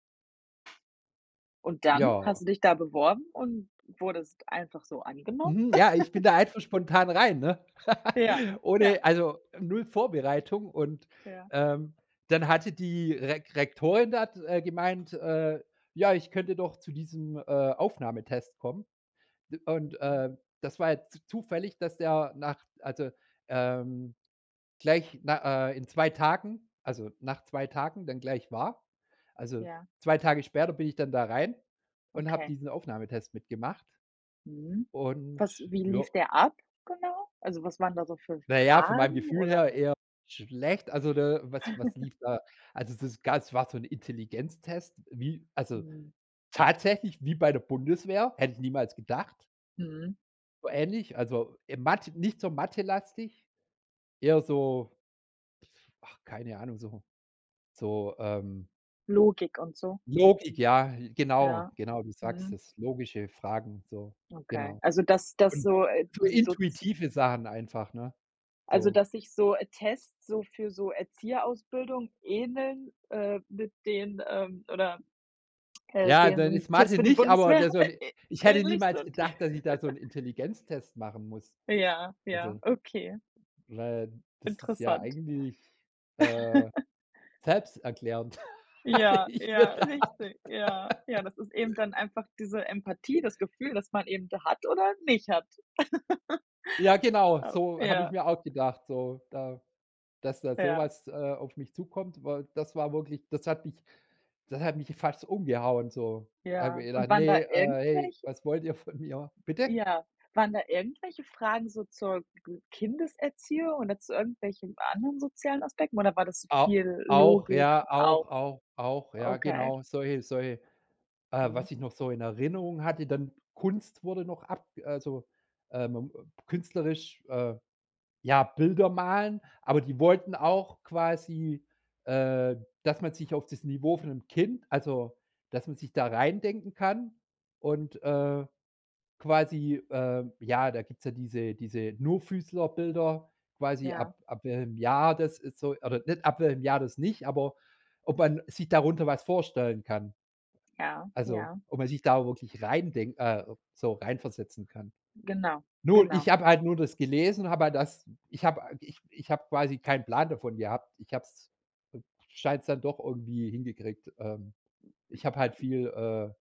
Und dann Ja. hast du dich da beworben und wurdest einfach so angenommen? Mhm, ja, ich bin da einfach spontan rein, ne, Ja, ja. ohne also 0 Vorbereitung und, Ja. ähm, dann hatte die Re Rektorin dort gemeint, äh, ja, ich könnte doch zu diesem, äh, Aufnahmetest kommen. Und, Mhm. äh, das war jetzt zufällig, dass der nach also, ähm, gleich na äh, in 2 Tagen also nach 2 Tagen dann gleich war. Also Ja. 2 Tage später bin ich dann da rein und habe Okay. diesen Aufnahmetest mitgemacht. Mhm, Und was wie ja lief der ab genau? Also, was waren da so für Na ja, von meinem Fragen, Gefühl oder her eher schlecht. Also, da was was lief da? Also es ist ganz war so 'n Intelligenztest, wie also Hm. tatsächlich wie bei der Bundeswehr, hätte ich niemals gedacht. Mhm. So ähnlich, also, äh, mat nicht so mathelastig, eher so ach, keine Ahnung so so, ähm Logik und so. Logik, ja, Ja, genau, genau, du sagst mhm. es logische Fragen, so Okay, genau. also, das das Und so äh, so diese so z intuitive Sachen einfach, ne? Also, So. dass sich so, äh, Tests, so für so Erzieherausbildung ähneln, äh, mit denen ähm, oder, äh, Ja, dann deren ist Tests Mathe für die nicht, aber Bundeswehr, der so 'n äh, ä ich hätte ähnlich niemals sind. gedacht, dass ich da so 'n Intelligenztest machen muss. Ja, ja, Also okay. weil das ist ja Interessant. eigentlich, äh, selbsterklärend, hatte Ja, ich mir ja, gedacht. richtig. Ja, ja, das ist eben dann einfach diese Empathie, das Gefühl, das man eben da hat oder nicht hat. Ja, genau Oh, so habe ich ja. mir auch gedacht, so da dass da so Ja. was, äh, auf mich zukommt, weil das war wirklich das hat mich das hat mich fast umgehauen so. Habe ich Ja mir und gedacht: waren da „Ne, äh, ey, irgendwelche was wollt ihr von mir?” Bitte? Ja. Waren da irgendwelche Fragen so zur Kindeserziehung oder zu irgendwelchen anderen sozialen Aspekten oder war das A viel auch, Logik ja, und auch auch auch auch, ja, Okay. genau. Solche solche äh, Mhm. was ich noch so in Erinnerung hatte, dann Kunst wurde noch ab also, ähm, ähm, künstlerisch äh, ja, Bilder malen, aber die wollten auch quasi, äh, dass man sich auf das Niveau von 'nem Kind also, dass man sich da reindenken kann und, äh, quasi, äh, ja, da gibt's ja diese diese Nur-Füßler-Bilder quasi Ja. ab ab welchem Jahr das ist so oder nicht ab welchem Jahr das nicht, aber ob man sich darunter was vorstellen kann. Ja, Also ja. ob man sich da wirklich reindenk äh, so reinversetzen kann. Genau, Nur ich genau. habe halt nur das gelesen, habe halt das ich habe ich ich habe quasi keinen Plan davon gehabt. Ich habe es scheine es dann doch irgendwie hingekriegt ähm, ich habe halt [unintelligible] viel, äh